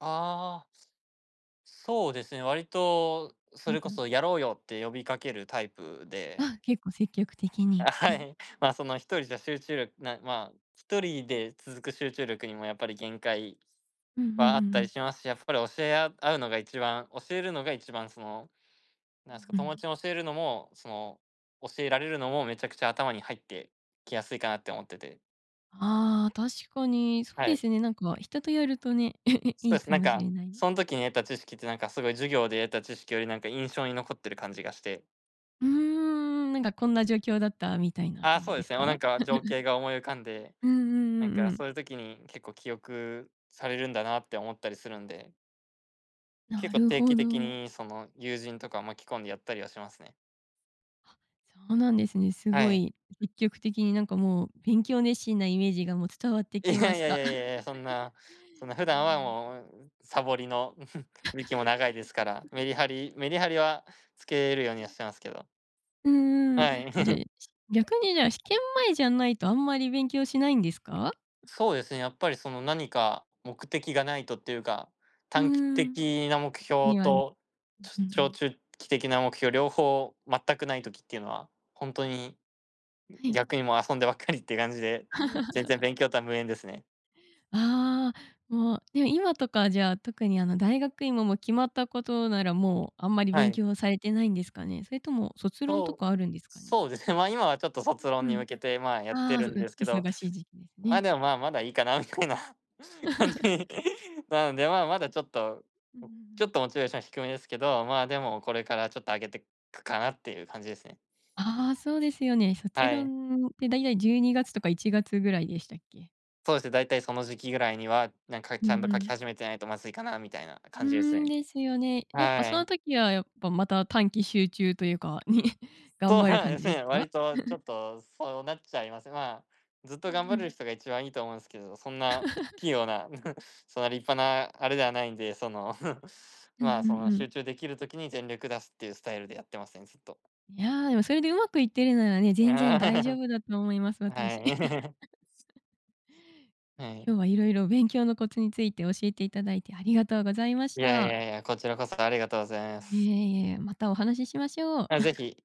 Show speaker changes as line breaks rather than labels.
ああ。すそうですね、わりと、
う
そ
ん
れ
う
こそ
ん。
やろうよって呼びかけるタイプで。
あ、結構積極的に、
あ、
あ
は
ん。
い。まあ、その、一人じゃ集中りょなまあ、一人で続く集中力にもやっぱり限界
うんうんうん
はあっ
う
たり
ん。
しますし、やっぱり教えあ合うのが一番、教えるのが一番、その、なんすか、
うんう
友
ん。
達も教えるのも、その、教えられるのもめちゃくちゃ頭に入ってきやすいかなって思ってて。
ああ、確かに。そう
は
で
い。
すね、なんか、人とやるとね、
す
い
と
い
す、
か
なん
もし
か、
れない。
そん時に得た知識って、なんか、すごい授業で得た知識より、なんか、印象に残ってる感じがして。
うーん、なんか、こんな状況だったみたいな
ああ、
感じ
そう
で
で
す
すね、
か？
おなんか、情 景が思い浮かんで、
うんうん
なん
うん
か、
うん。
そういう時に結構記憶されるんだなって思ったりするんで。
な
結構
る
定
ほ
期的
ど。
に、その、友人とかを巻き込んでやったりはしますね。
は、そうなんですね、す
は
ご
い。
い積極的に、なんか、もう、勉強熱心なイメージが、もう、伝わって
いや
きま
い
し
やい
た。
やいやい やいや、そんな、そんな普
え
段は、
え。
もう、うんうん、さぼりの、道も長いですから、メリハ リメリハリはつけるように
うん。
はしてますけど。
うんうん、
はい。
あ、じゃあ、やす逆に、じゃあ、試験前じゃないとあんまり勉強しないんですか？
そうですね、やっぱり、その、何か目的がないとっていうか、
うー
短期
ん。
的な目標
にわに
と、
うんうん
ち
う
ょ長
ん。
中期的な目標、両方全くない時っていうのは、ほんとに、うん、
はい。
逆に、もう、遊んでばっかりって感じで、全然 勉強とは無縁ですね。
ああ、もう、や、今とか、じゃあ、特に、あの、大学院もも、決まったことなら、もう、あんまり
は
勉
い。
強されてないんですかね？それとも卒論と
そ
か
う、
あ
お
るんですかね？
そうでふ、まあ、今は、ちょっと、卒
う
論
んう
に
ん。
向けて、まあ、やって
ああ、
る
そう
んで
で
すけど。
忙しい時期です
まあ、
ね。
でも、まあ、まだいいかなみたいな感じ なので、まあ、まだ、ちょっと、う
うんうんう
ちょ
ん。
っと、モチベーション低めですけど、まあ、でもこれから、ちょっと、上げてくかなっていう感じですね。
ああ、そうですよね。卒
はい。
論って大体12月とか1月ぐらいでしたっけ？
そうですね、大体、その、時期ぐらいには、なんか、
うん
ちゃんと
う
書き
ん。
始めてないとまずいかなみたいな
うー
感じです
ん、
ね。
ですよね。やっぱ、
は
その
い。
時はやっぱ、また短期集中というか、ね、頑
そう
張る
なん
感
で
じ
す
です
ね、
か？
割とちょ っとそうなっちゃいます。まあ、ずっと
う
頑
んう
張れ
ん。
る人が一番いいと思うんすけど、そんな器用 な、そんな立派なあれではないんで、その、
うんう
ま
ん、うん
あ、そ
う
の、
んうん。
集中できる時に全力出すっていうスタイルでやってますね、ずっと。
いや、でもそれでうまくいってるならね、全然大丈 夫だと思います、
は
私。
い。すは
今
い。
日は色々勉強のコツについて教えていただいて、ありがとうございまし
いやい
た。
やいや、こちらこそありがとうございます。
いえいえ、またお話ししましょう。
あ、是 非。